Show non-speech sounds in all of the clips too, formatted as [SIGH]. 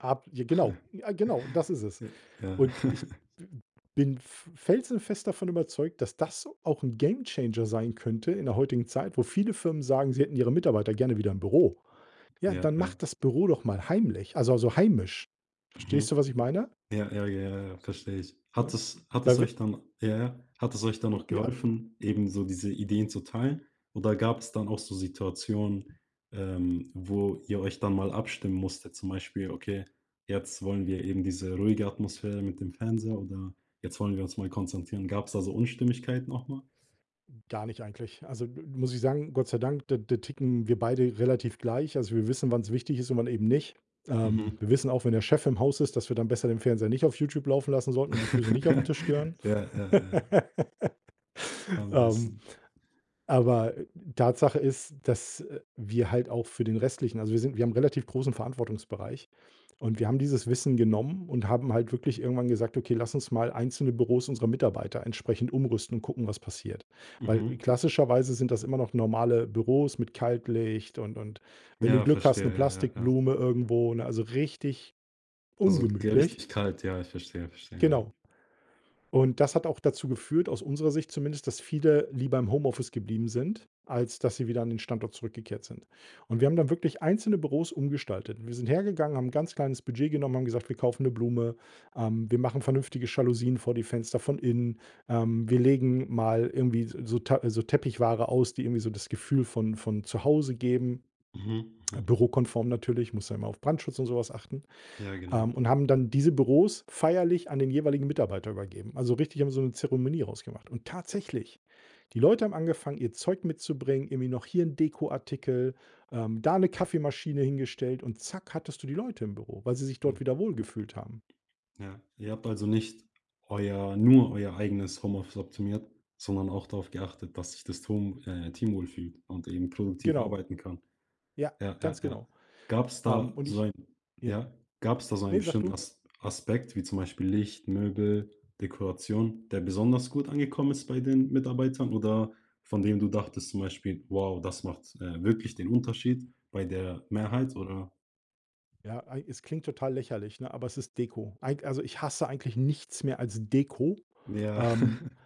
Ab, j genau, [SNORTS] ja genau, das ist es J ja. und ich [CHUCKLES] w bin f felsenfest davon überzeugt, dass das auch 'n Gamechanger sein könnte in der heutigen Zeit, wo viele Firmen sagen, sie hätten ihre Mitarbeiter gerne wieder im Büro. Ja, Ja, dann ja. macht das Büro doch mal heimlich also also, heimisch. Verstehst Mhm. du, was ich meine? Ja, ja, ja, ja, ja, verstehe ich. Hat Ne? es hat Ja es wit euch dann ja, ja. Hat es euch dann J noch ja. geholfen, eben so diese Ideen zu teilen oder gab's dann auch so Situationen, ähm, wo ihr euch dann mal abstimmen musstet? Zum Beispiel: „Okay, jetzt wollen wir eben diese ruhige Atmosphäre mit dem Fernseher“, oder „Jetzt wollen wir uns mal konzentrieren.“ Gab's da so Unstimmigkeiten auch mal? Gar nicht eigentlich. Also, muss ich sagen, Gott sei Dank, d da ticken wir beide relativ gleich. Also, wir wissen, wann's wichtig ist und wann eben nicht. Ähm Mhm. wir wissen auch, wenn der Chef im Haus ist, dass wir dann besser den Fernseher nicht auf Youtube laufen lassen sollten und die Füße nicht auf 'n Tisch gehören. [CHUCKLES] Ja, ja, ja, ja. [LAUGHS] Am Ähm, besten. aber Tatsache ist, dass, äh, wir halt auch für den restlichen, also wir sind wir haben relativ großen Verantwortungsbereich und wir haben dieses Wissen genommen und haben halt wirklich irgendwann gesagt: „Okay, lass uns mal einzelne Büros unserer Mitarbeiter entsprechend umrüsten und gucken, was passiert“, weil Mhm. klassischerweise sind das immer noch normale Büros mit Kaltlicht und und wenn du Ja, Glück hast, 'ne verstehe. Ja, ja, ja. Plastikblume irgendwo, ne? Also richtig Also, ungemütlich. Gerechtigkeit. Ja, ich verstehe, verstehe. Ja. Genau. Und das hat auch dazu geführt, aus unserer Sicht zumindest, dass viele lieber im Homeoffice geblieben sind, als dass sie wieder an den Standort zurückgekehrt sind und wir haben dann wirklich einzelne Büros umgestaltet. Wir sind hergegangen, haben 'n ganz kleines Budget genommen, haben gesagt: „Wir kaufen 'ne Blume, ähm, wir machen vernünftige Jalousien vor die Fenster von innen, ähm, wir legen mal irgendwie s so Ta so Teppichware aus“, die irgendwie so das Gefühl von von zu Hause geben, Mhm. Mhm. bürokonform natürlich, musst ja immer auf Brandschutz und so was achten. Ja, genau. Ähm, und haben dann diese Büros feierlich an den jeweiligen Mitarbeiter übergeben. Also richtig haben so 'ne Zeremonie draus gemacht und tatsächlich, die Leute haben angefangen, ihr Zeug mitzubringen, irgendwie noch hier 'n Dekoartikel, ähm, da 'ne Kaffeemaschine hingestellt und zack, hattest du die Leute im Büro, weil sie sich dort Hm. wieder wohlgefühlt haben. Ja, Ihr habt also nicht euer nur euer eigenes Homeoffice optimiert, sondern auch darauf geachtet, dass sich das Tohm äh, Team wohlfühlt und eben produktiv Genau. arbeiten kann. Ja, Ja, ganz ja, ja. genau. Gab's Ähm, da und so ich ein je ja? Gab's da so einen ne, sag bestimmten du. Asp Aspekt wie zum Beispiel Licht, Möbel, Dekoration, der besonders gut angekommen ist bei den Mitarbeitern oder von dem du dachtest zum Beispiel: „Wow, das macht, äh, wirklich den Unterschied bei der Ne. Mehrheit“, oder? Ja, eigen es klingt total lächerlich, ne, aber es ist Deko. Eig also, ich hasse eigentlich nichts mehr als Deko, Ja. ähm, [CHUCKLES]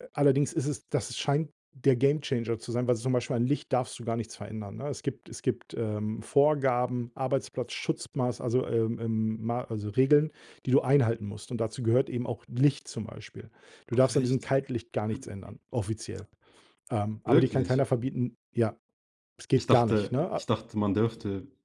a allerdings ist es das scheint der Gamechanger zu sein, weil zum Beispiel an Licht darfst du gar nichts verändern, ne? Es gibt es gibt, ähm, Vorgaben, Arbeitsplatzschutzmaß also, ähm, ähm, ma also, Regeln, die du einhalten musst und dazu gehört eben auch Licht zum Beispiel. Du Ach darfst an diesem echt? Kaltlicht gar nichts [CLEARS THROAT] ändern, offiziell. Ähm, aber dir kann Wirklich? keiner verbieten ja. Es Ich geht gar nicht, dachte ne, ich a dachte, man dürfte